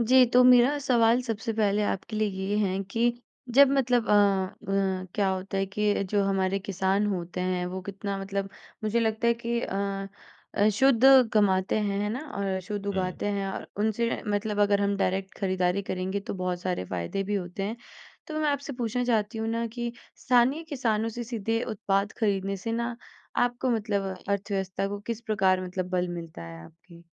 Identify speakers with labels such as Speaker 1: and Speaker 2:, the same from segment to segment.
Speaker 1: जी, तो मेरा सवाल सबसे पहले आपके लिए ये है कि जब मतलब अ, अ, क्या होता है कि जो हमारे किसान होते हैं, वो कितना मतलब मुझे लगता है कि अ, अ, शुद्ध कमाते हैं, है ना? और शुद्ध
Speaker 2: हुँ।
Speaker 1: उगाते हैं और उनसे मतलब अगर हम डायरेक्ट खरीदारी करेंगे, तो बहुत सारे फ़ायदे भी होते हैं। तो मैं आपसे पूछना चाहती हूँ ना कि स्थानीय किसानों से सीधे उत्पाद खरीदने से ना, आपको मतलब अर्थव्यवस्था को किस प्रकार मतलब बल मिलता है आपकी?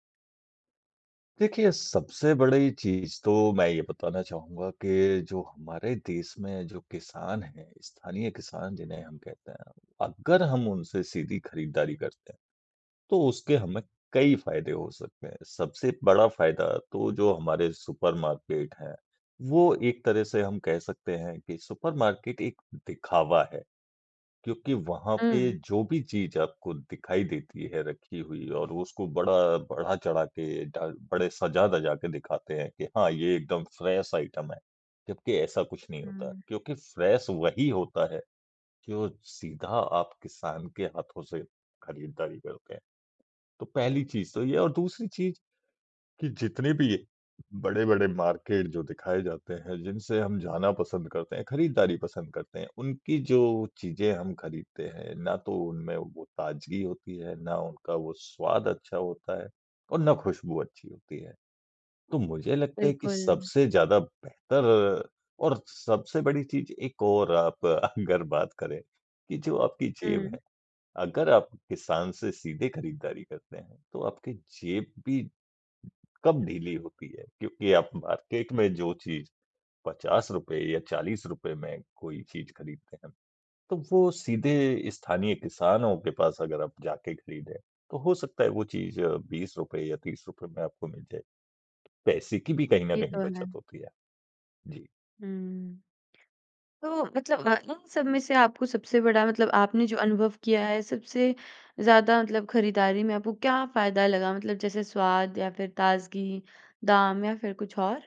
Speaker 2: देखिए, सबसे बड़ी चीज़ तो मैं ये बताना चाहूँगा कि जो हमारे देश में जो किसान हैं, स्थानीय किसान जिन्हें हम कहते हैं। अगर हम उनसे सीधी खरीदारी करते हैं, तो उसके हमें कई फ़ायदे हो सकते हैं। सबसे बड़ा फ़ायदा तो जो हमारे सुपर मार्केट हैं, वो एक तरह से हम कह सकते हैं कि सुपर मार्केट एक दिखावा है, क्योंकि वहाँ पे
Speaker 1: हुँ।
Speaker 2: जो भी चीज़ आपको दिखाई देती है रखी हुई और उसको बड़ा बढ़ा-चढ़ा के ढ बड़े सजा-धजा के दिखाते हैं कि, "हाँ, ये एकदम फ्रेश आइटम है।" जबकि ऐसा कुछ नहीं होता है
Speaker 1: हुँ।
Speaker 2: क्योंकि फ्रेश वही होता है, जो सीधा आप किसान के हाथों से खरीदारी करते हैं। तो पहली चीज़ तो ये और दूसरी चीज़ कि जितने भी बड़े-बड़े मार्केट जो दिखाए जाते हैं, जिनसे हम जाना पसंद करते हैं, खरीदारी पसंद करते हैं, उनकी जो चीज़ें हम खरीदते हैं, ना तो उनमें वो ताज़गी होती है, ना उनका वो स्वाद अच्छा होता है और ना खुशबू अच्छी होती है। तो मुझे लगता है कि
Speaker 1: बिल्कुल।
Speaker 2: सबसे ज़्यादा बेहतर और सबसे बड़ी चीज़ एक और आप अगर बात करें कि जो आपकी जेब
Speaker 1: हुँ।
Speaker 2: है, अगर आप किसान से सीधे खरीदारी करते हैं, तो आपके जेब भी कम ढीली होती है क्योंकि आप मार्केट में जो चीज़ ₹50 या ₹40 में कोई चीज़ खरीदते हैं, तो वो सीधे स्थानीय किसानों के पास अगर आप जाके खरीदें, तो हो सकता है, वो चीज़ ₹20 या ₹30 में आपको मिल जाए। पैसे की भी कहीं न
Speaker 1: ये
Speaker 2: कहीं
Speaker 1: तो
Speaker 2: बचत
Speaker 1: है।
Speaker 2: होती है। जी।
Speaker 1: हुँ। तो मतलब इन सब में से आपको सबसे बड़ा मतलब आपने जो अनुभव किया है सबसे ज़्यादा मतलब ख़रीदारी में आपको क्या फ़ायदा लगा मतलब जैसे स्वाद या फ़िर ताज़गी, दाम या फ़िर कुछ और?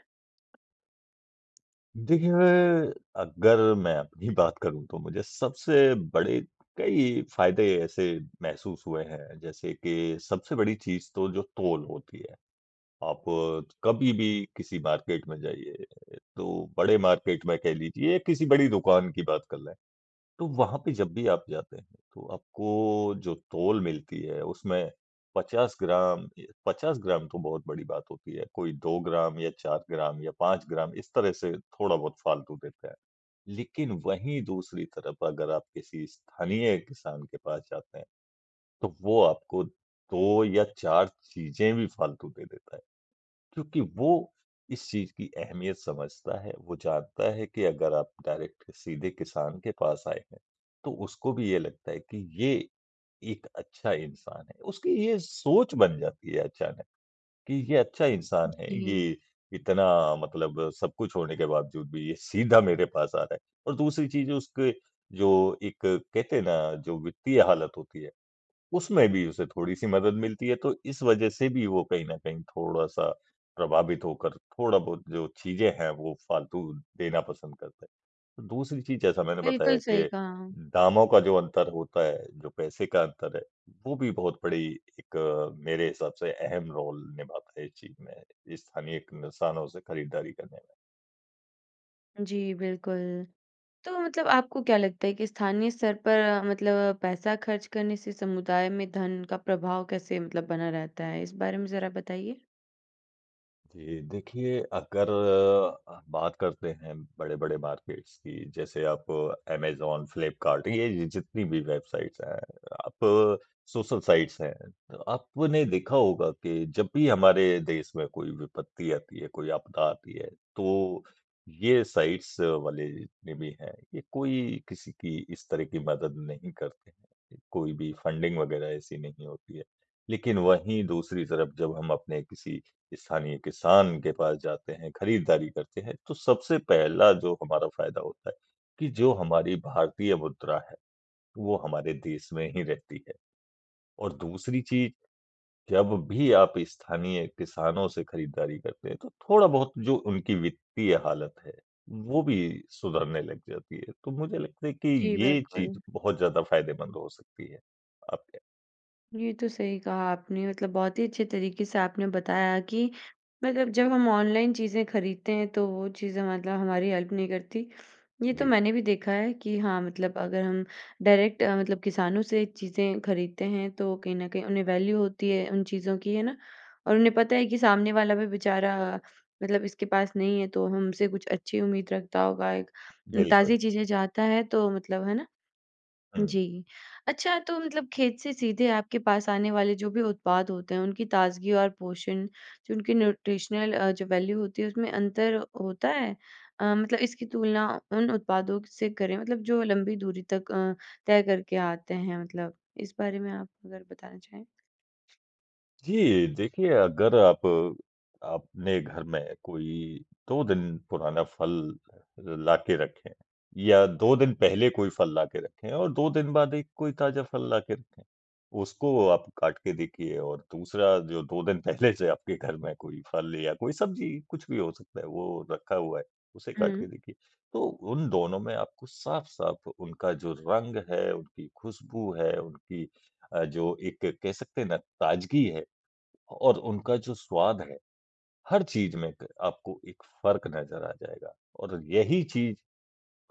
Speaker 2: देखिए मैं, अगर मैं अपनी बात करूँ तो मुझे सबसे बड़े कई फ़ायदे ऐसे महसूस हुए हैं जैसे कि सबसे बड़ी चीज़ तो जो तोल होती है। आप कभी भी किसी मार्केट में जाइए तो बड़े मार्केट में कह लीजिए किसी बड़ी दुकान की बात कर लें। तो वहाँ पे जब भी आप जाते हैं तो आपको जो तोल मिलती है उसमें 50 ग्राम य 50 ग्राम तो बहुत बड़ी बात होती है कोई 2 ग्राम या 4 ग्राम या 5 ग्राम इस तरह से थोड़ा बहुत फ़ालतू देते हैं। लेकिन वहीं दूसरी तरफ अगर आप किसी स्थानीय किसान के पास जाते हैं तो वो आपको 2 या 4 चीज़ें भी फ़ालतू दे देता है। क्योंकि वो इस चीज़ की अहमियत समझता है वो जानता है कि अगर आप डायरेक्ट सीधे किसान के पास आए हैं तो उसको भी ये लगता है कि ये एक अच्छा इंसान है। उसकी ये सोच बन जाती है अचानक कि, ये अच्छा इंसान है
Speaker 1: जी।
Speaker 2: ये इतना मतलब सब कुछ होने के बावज़ूद भी ये सीधा मेरे पास आ रहा है। और दूसरी चीज़ उसके जो एक कहते हैं ना जो वित्तीय हालत होती है। उसमें भी उसे थोड़ी-सी मदद मिलती है तो इस वज़ह से भी वो कहीं न कहीं थोड़ा-सा प्रभावित होकर थोड़ा बहुत जो चीज़ें हैं वो फ़ालतू देना पसंद करते हैं। दूसरी चीज़ जैसा मैंने बताया
Speaker 1: बिल्कुल सही
Speaker 2: कि
Speaker 1: कहा।
Speaker 2: दामों का जो अंतर होता है जो पैसे का अंतर है, वो भी बहुत बड़ी एक मेरे हिसाब से अहम रोल निभाता है इस चीज़ में स्थानीय निशानों से ख़रीदारी करने में।
Speaker 1: जी, बिल्कुल। तो मतलब आपको क्या लगता है कि स्थानीय स्तर पर मतलब पैसा खर्च करने से समुदाय में धन का प्रभाव कैसे मतलब बना रहता है? इस बारे में ज़रा बताइए।
Speaker 2: जी। देखिए, अगर अ, बात करते हैं बड़े-बड़े मार्केट्स की जैसे आप अमेज़न, फ्लिपकार्ट ये जितनी भी वेबसाइट्स हैं, आप सोशल साइट्स हैं। आपने देखा होगा कि जब भी हमारे देश में कोई विपत्ति आती है कोई आपदा आती है तो ये साइट्स वाले जितने भी हैं ये कोई किसी की इस तरह की मदद नहीं करते हैं। कोई भी फंडिंग वग़ैरह ऐसी नहीं होती है। लेकिन वहीं दूसरी तरफ जब हम अपने किसी स्थानीय किसान के पास जाते हैं, खरीदारी करते हैं तो सबसे पहला जो हमारा फ़ायदा होता है कि जो हमारी भारतीय मुद्रा है वो हमारे देश में ही रहती है। और दूसरी चीज़ जब भी आप स्थानीय किसानों से खरीदारी करते हैं तो थोड़ा बहुत जो उनकी वित्तीय हालत है वो भी सुधरने लग जाती है। तो मुझे लगता है कि
Speaker 1: जी,
Speaker 2: ये चीज़
Speaker 1: बिल्कुल।
Speaker 2: बहुत ज़्यादा फ़ायदेमंद हो सकती है। आपके
Speaker 1: ये तो सही कहा आपने मतलब बहुत ही अच्छे तरीके से आपने बताया कि मतलब जब हम ऑनलाइन चीज़ें खरीदते हैं तो वो चीज़ें मतलब हमारी हेल्प नहीं करती। ये तो
Speaker 2: जी।
Speaker 1: मैंने भी देखा है कि हाँ मतलब अगर हम डायरेक्ट अ, मतलब किसानों से चीज़ें खरीदते हैं तो कहीं न कहीं उन्हें वैल्यू होती है उन चीज़ों की। है न? और उन्हें पता है कि सामने वाला भी बेचारा मतलब इसके पास नहीं है तो हमसे कुछ अच्छी उम्मीद रखता होगा एक।
Speaker 2: बिल्कुल।
Speaker 1: ताज़ी चीज़ें चाहता है तो मतलब है न?
Speaker 2: हुँ।
Speaker 1: जी अच्छा तो मतलब खेत से सीधे आपके पास आने वाले जो भी उत्पाद होते हैं उनकी ताज़गी और पोषण, जो उनकी न्यूट्रिशनल अ, जो वैल्यू होती है उसमें अंतर होता है? अ, मतलब इसकी तुलना उन उत्पादों से करें मतलब जो लंबी दूरी तक अ, तय करके आते हैं मतलब इस बारे में आप अगर बताना चाहें।
Speaker 2: जी देखिए, अगर आप अपने घर में कोई 2 दिन पुराना फल लाके रखें। या 2 दिन पहले कोई फल लाके रखे और 2 दिन बाद एक कोई ताज़ा फल लाके रखे। उसको आप काट के देखिए और दूसरा जो 2 दिन पहले जैसे आपके घर में कोई फल या कोई सब्जी कुछ भी हो सकता है वो रखा हुआ है उसे काट के
Speaker 1: हुँ।
Speaker 2: देखिए तो उन दोनों में आपको साफ-साफ उनका जो रंग है, उनकी खुशबू है उनकी अ, जो एक कह सकते हैं न ताज़गी है और उनका जो स्वाद है। हर चीज़ में एक आपको एक फर्क नज़र आ जाएगा और यही चीज़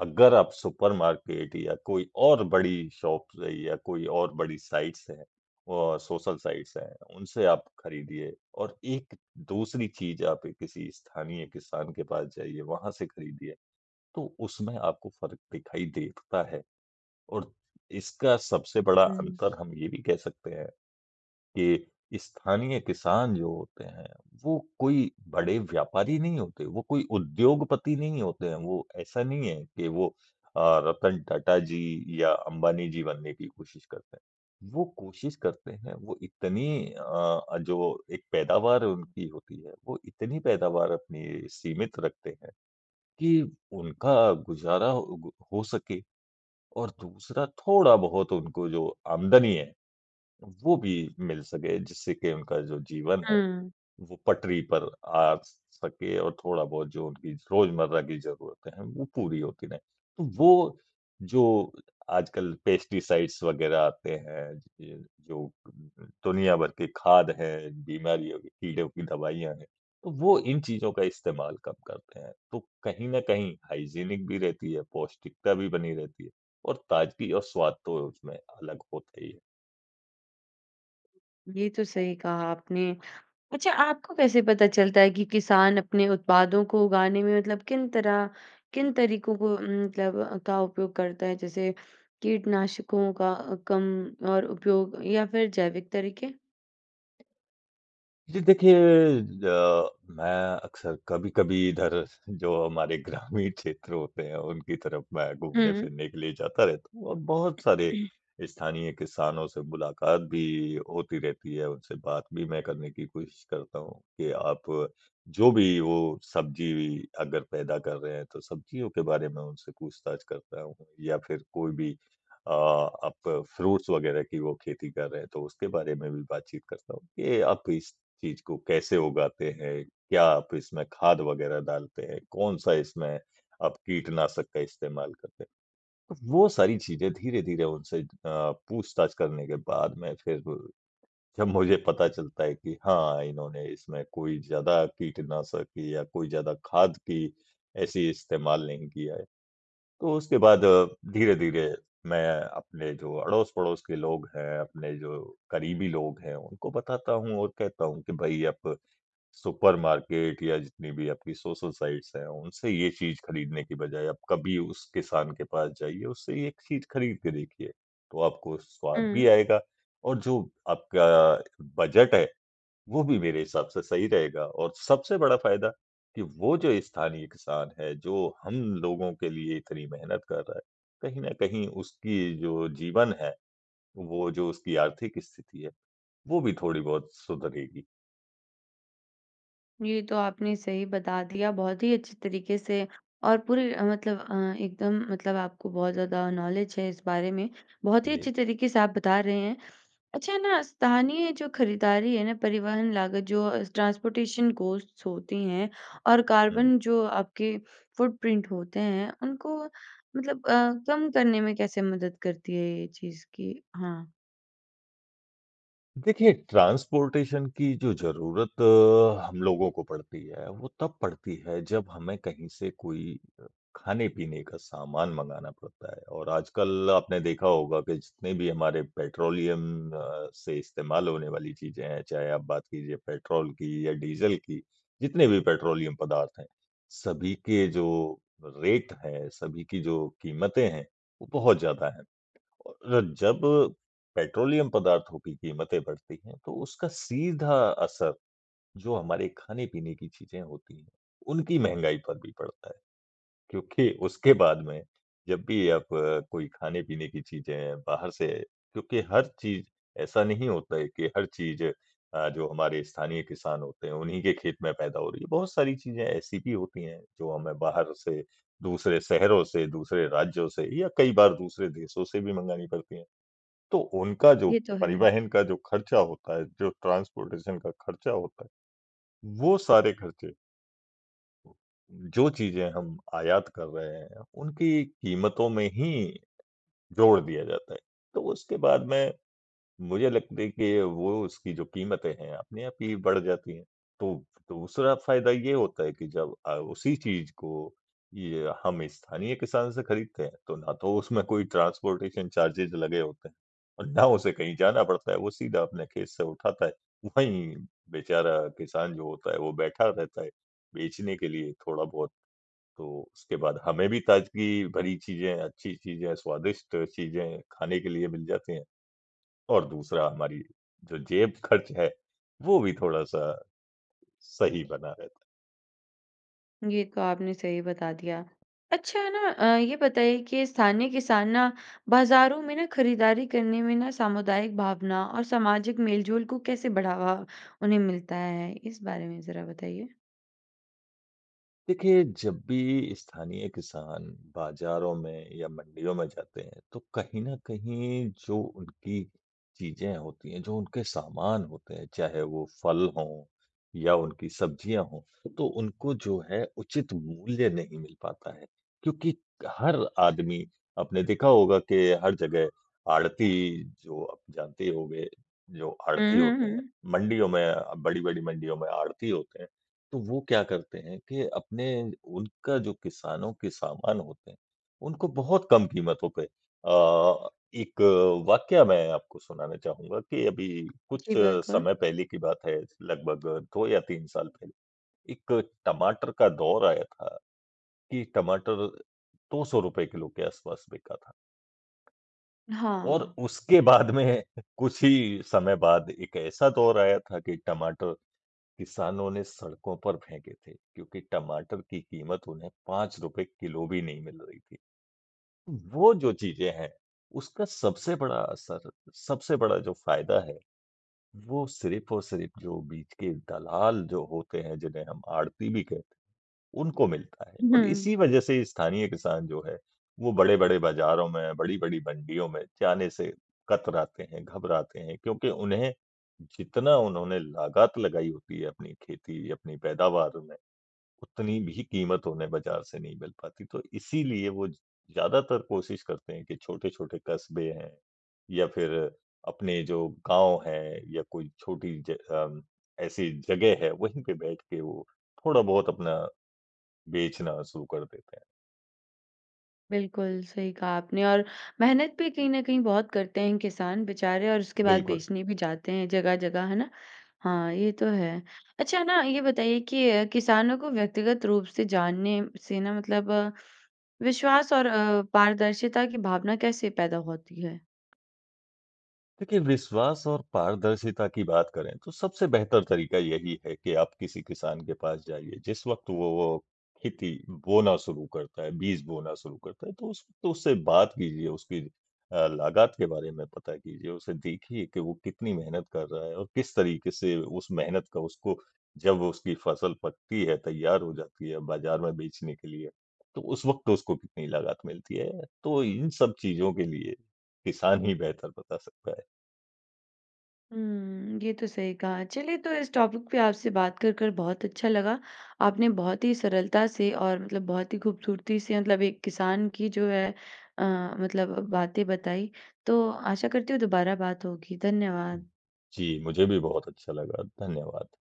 Speaker 2: अगर आप सुपर मार्केट या कोई और बड़ी शॉप्स है या कोई और बड़ी साइट्स हैं अ, सोशल साइट्स हैं उनसे आप खरीदिए और एक दूसरी चीज़ आप किसी स्थानीय किसान के पास जाइए वहाँ से खरीदिए तो उसमें आपको फ़र्क दिखाई देता है और इसका सबसे बड़ा
Speaker 1: हुँ।
Speaker 2: अंतर हम ये भी कह सकते हैं के स्थानीय किसान जो होते हैं वो कोई बड़े व्यापारी नहीं होते वो कोई उद्योगपति नहीं होते हैं। वो ऐसा नहीं है की वो अ, रतन टाटा जी या अंबानी जी बनने की कोशिश करते हैं। वो कोशिश करते हैं। वो इतनी अ, जो एक पैदावार उनकी होती है वो इतनी पैदावार अपनी सीमित रखते हैं कि उनका गुज़ारा ओ गो को हो सके। और दूसरा थोड़ा बहुत उनको जो आमदनी है। वो भी मिल सके, जिससे कि उनका जो जीवन है
Speaker 1: हुँ।
Speaker 2: वो पटरी पर आ सके और थोड़ा बहुत जो उनकी रोजमर्रा की ज़रूरतें है वो पूरी होती रहे। तो वो जो आजकल पेस्टिसाइड्स वग़ैरह आते हैं ज जो द द दुनिया भर के खाद है, बीमारियों की, कीड़ों की दवाइयाँ है तो वो इन चीजों का इस्तेमाल कम करते हैं तो कहीं न कहीं हाइजीनिक भी रहती है पौष्टिकता भी बनी रहती है और ताज़गी और स्वाद तो उसमें अलग होता ही है।
Speaker 1: ये तो सही कहा आपने, अच्छा आपको कैसे पता चलता है कि किसान अपने उत्पादों को उगाने में मतलब किन तरह किन तरीकों को उम, मतलब, का उपयोग करता है जैसे कीटनाशकों का कम और उपयोग या फिर जैविक तरीक़े?
Speaker 2: जी। देखिए अ, मैं अक्सर कभी-कभी इधर जो हमारे ग्रामीण क्षेत्र होते हैं उनकी तरफ मैं
Speaker 1: हुँ, हुँ।
Speaker 2: घूमने-फिरने के लिए जाता रहता हूँ और बहुत सारे स्थानीय किसानों से मुलाक़ात भी होती रहती है, उनसे बात भी मैं करने की कोशिश करता हूँ कि आप जो भी, वो सब्ज़ी अगर पैदा कर रहे हैं, तो सब्ज़ियों के बारे में उनसे पूछताछ करता हूँ। या फिर कोई भी अ, आप फ्रूट्स वग़ैरह की वो खेती कर रहे हैं, तो उसके बारे में भी बातचीत करता हूँ कि ये आप इस चीज़ को कैसे उगाते हैं? क्या आप इसमें खाद वग़ैरह डालते हैं? कौन-सा इसमें आप कीटनाशक का इस्तेमाल करते हैं। तो वो सारी चीज़ें धीरे-धीरे उनसे अ, पूछताछ करने के बाद में फिर। जब मुझे पता चलता है कि हाँ, इन्होंने इसमें कोई ज़्यादा कीटनाशक या कोई ज़्यादा खाद की ऐसी इस्तेमाल नहीं किया है। तो उसके बाद धीरे-धीरे मैं अपने जो अड़ोस-पड़ोस के लोग हैं, अपने जो क़रीबी लोग हैं, उनको बताता हूँ और कहता हूँ कि भई आप सुपर मार्केट या जितनी भी आपकी सोशल-साइट्स हैं, उनसे ये चीज़ ख़रीदने की बजाय आप कभी उस किसान के पास जाइए, उससे एक चीज़ ख़रीद के देखिए। तो आपको स्वाद भी
Speaker 1: हुँ।
Speaker 2: आएगा और जो आपका बजट है वो भी मेरे हिसाब से सही रहेगा और सबसे बड़ा फ़ायदा कि वो जो स्थानीय किसान है, जो हम लोगों के लिए इतनी मेहनत कर रहा है कहीं न कहीं उसकी जो जीवन है, वो जो उसकी आर्थिक स्थिति है वो भी थोड़ी बहुत सुधरेगी।
Speaker 1: ये तो आपने सही बता दिया। बहुत ही अच्छी तरीके से और पूरे अ, मतलब अ, एकदम मतलब आपको बहुत ज़्यादा नॉलेज है इस बारे में। बहुत ही
Speaker 2: जी।
Speaker 1: अच्छे तरीके से आप बता रहे हैं। अच्छा ना, स्थानीय जो खरीदारी है ना, परिवहन लागत, जो अ, ट्रांसपोर्टेशन कॉस्ट्स होती हैं और
Speaker 2: हुँ।
Speaker 1: कार्बन जो आपके फ़ुटप्रिंट होते हैं, उनको मतलब अ, कम करने में कैसे मदद करती है ये चीज़? कि हाँ।
Speaker 2: देखिए, ट्रांसपोर्टेशन की जो ज़रूरत हम लोगों को पड़ती है, वो तब पड़ती है, जब हमें कहीं से कोई खाने-पीने का सामान मँगाना पड़ता है और आजकल आपने देखा होगा कि जितने भी हमारे पेट्रोलियम अ, से इस्तेमाल होने वाली चीज़ें हैं, चाहे आप बात कीजिए पेट्रोल की या डीज़ल की, जितने भी पेट्रोलियम पदार्थ हैं, सभी के जो रेट हैं, सभी की जो कीमतें हैं, वो बहुत ज़्यादा हैं। और जब पेट्रोलियम पदार्थों की कीमतें बढ़ती हैं, तो उसका सीधा असर जो हमारे खाने-पीने की चीज़ें होती हैं, उनकी महँगाई पर भी पड़ता है, क्योंकि उसके बाद में जब भी आप कोई खाने-पीने की चीज़ें हैं बाहर से क्योंकि हर चीज़ ऐसा नहीं होता है कि हर चीज़ अ, जो हमारे स्थानीय किसान होते हैं, उन्हीं के खेत में पैदा हो रही है। बहुत सारी चीज़ें ऐसी भी होती हैं, जो हमें बाहर से दूसरे शहरों से, दूसरे राज्यों से या कई बार दूसरे देशों से भी मँगानी पड़ती हैं। तो उनका जो
Speaker 1: ये तो है।
Speaker 2: परिवहन का जो खर्चा होता है, जो ट्रांसपोर्टेशन का खर्चा होता है, वो सारे खर्चे जो चीज़ें हम आयात कर रहे हैं, उनकी कीमतों में ही जोड़ दिया जाता है। तो उसके बाद में मुझे लगता है कि वो उसकी जो कीमतें हैं, अपने आप ही बढ़ जाती हैं। तो दूसरा फ़ायदा ये होता है कि जब अ, उसी चीज़ को ये हम स्थानीय किसान से खरीदते हैं, तो ना तो उसमें कोई ट्रांसपोर्टेशन चार्जेज़ लगे होते हैं और ना उसे कहीं जाना पड़ता है, वो सीधा अपने खेत से उठाता है। वहीं बेचारा किसान जो होता है, वो बैठा रहता है बेचने के लिए, थोड़ा बहुत। तो उसके बाद हमें भी ताज़गी भरी चीज़ें, अच्छी चीज़ें, स्वादिष्ट चीज़ें खाने के लिए मिल जाती हैं और दूसरा हमारी जो जेब-खर्च है, वो भी थोड़ा-सा सही बना रहता है।
Speaker 1: ये तो आपने सही बता दिया। अच्छा ना अ, ये बताइए कि स्थानीय किसान ना बाज़ारों में ना खरीदारी करने में ना सामुदायिक भावना और सामाजिक मेल-जोल को कैसे बढ़ावा उन्हें मिलता है? इस बारे में ज़रा बताइए।
Speaker 2: देखिए, जब भी स्थानीय किसान बाज़ारों में या मंडियों में जाते हैं, तो कहीं न कहीं जो उनकी चीज़ें होती हैं, जो उनके सामान होते हैं, चाहे वो फल हों या उनकी सब्जियाँ हों, तो उनको जो है उचित मूल्य नहीं मिल पाता है क्योंकि क हर आदमी आपने देखा होगा कि हर जगह आढ़ती, जो आप जानते ही होंगे, जो
Speaker 1: हुँ,
Speaker 2: आढ़ती
Speaker 1: हुँ,
Speaker 2: होते हैं,
Speaker 1: हुँ।
Speaker 2: मंडियों में अ, बड़ी-बड़ी मंडियों में आढ़ती होते हैं, तो वो क्या करते हैं कि अपने उनका जो किसानों के सामान होते हैं, उनको बहुत कम कीमतों पे अ, एक वाक़या मैं आपको सुनाने चाहूँगा कि अभी कुछ
Speaker 1: जी, बिल्कुल।
Speaker 2: समय पहले की बात है, लगभग 2 या 3 साल पहले। एक टमाटर का दौर आया था कि टमाटर ₹200 किलो के आसपास बिका था। और
Speaker 1: हाँ।
Speaker 2: उसके बाद में कुछ ही समय बाद एक ऐसा दौर आया था कि टमाटर किसानों ने सड़कों पर फेंके थे क्योंकि टमाटर की कीमत उन्हें ₹5 किलो भी नहीं मिल रही थी। वो जो चीज़ें हैं, उसका सबसे बड़ा असर, सबसे बड़ा जो फ़ायदा है, वो सिर्फ़ और सिर्फ़ जो बीच के दलाल जो होते हैं, जिन्हें हम आढ़ती भी कहते हैं, उनको मिलता है और
Speaker 1: हुँ।
Speaker 2: इसी वजह से स्थानीय किसान जो है, वो बड़े-बड़े बाज़ारों में, बड़ी-बड़ी मंडियों में जाने से कतराते हैं, घबराते हैं क्योंकि उन्हें जितना उन्होंने लागत लगाई होती है अपनी खेती, अपनी पैदावार में, उतनी भी कीमत उन्हें बाज़ार से नहीं मिल पाती। तो इसीलिए वो ज ज़्यादातर कोशिश करते हैं कि छोटे-छोटे कस्बे हैं या फिर अपने जो गाँव हैं या कोई छोटी ज अम, ऐसी जगह है, वहीं पे बैठ के वो थोड़ा-बहुत अपना बेचना शुरू कर देते हैं।
Speaker 1: बिल्कुल सही कहा आपने और मेहनत भी कहीं न कहीं बहुत करते हैं किसान बेचारे और उसके बाद
Speaker 2: बिल्कुल।
Speaker 1: बेचने भी जाते हैं जगह-जगह है ना? हाँ, ये तो है। अच्छा न ये बताइए कि किसानों को व्यक्तिगत रूप से जानने म से ना मतलब विश्वास और अ, पारदर्शिता की भावना कैसे पैदा होती है?
Speaker 2: देखिए विश्वास और पारदर्शिता की बात करें तो सबसे बेहतर तरीका यही है कि आप किसी किसान के पास जाइए। जिस वक़्त वो वो खेती बोना शुरू करता है, बीज बोना शुरू करता है तो उस तो उससे बात कीजिए, उसकी अ, लागत के बारे में पता कीजिए। उसे देखिए की वो कितनी मेहनत कर रहा है और किस तरीके से उस मेहनत का उसको जब उसकी फसल पकती है, तैयार हो जाती है बाजार में बेचने के लिए। तो उस वक़्त उसको कितनी लागत मिलती है तो इन सब चीजों के लिए किसान ही बेहतर बता सकता है।
Speaker 1: हुँ। ये तो सही कहा चलिए तो इस टॉपिक पे आपसे बात कर कर बहुत अच्छा लगा। आपने बहुत ही सरलता से और मतलब बहुत ही खूबसूरती से मतलब एक किसान की जो है अ, मतलब बातें बताई। तो आशा करती हूँ दोबारा बात होगी। धन्यवाद।
Speaker 2: जी, मुझे भी बहुत अच्छा लगा। धन्यवाद।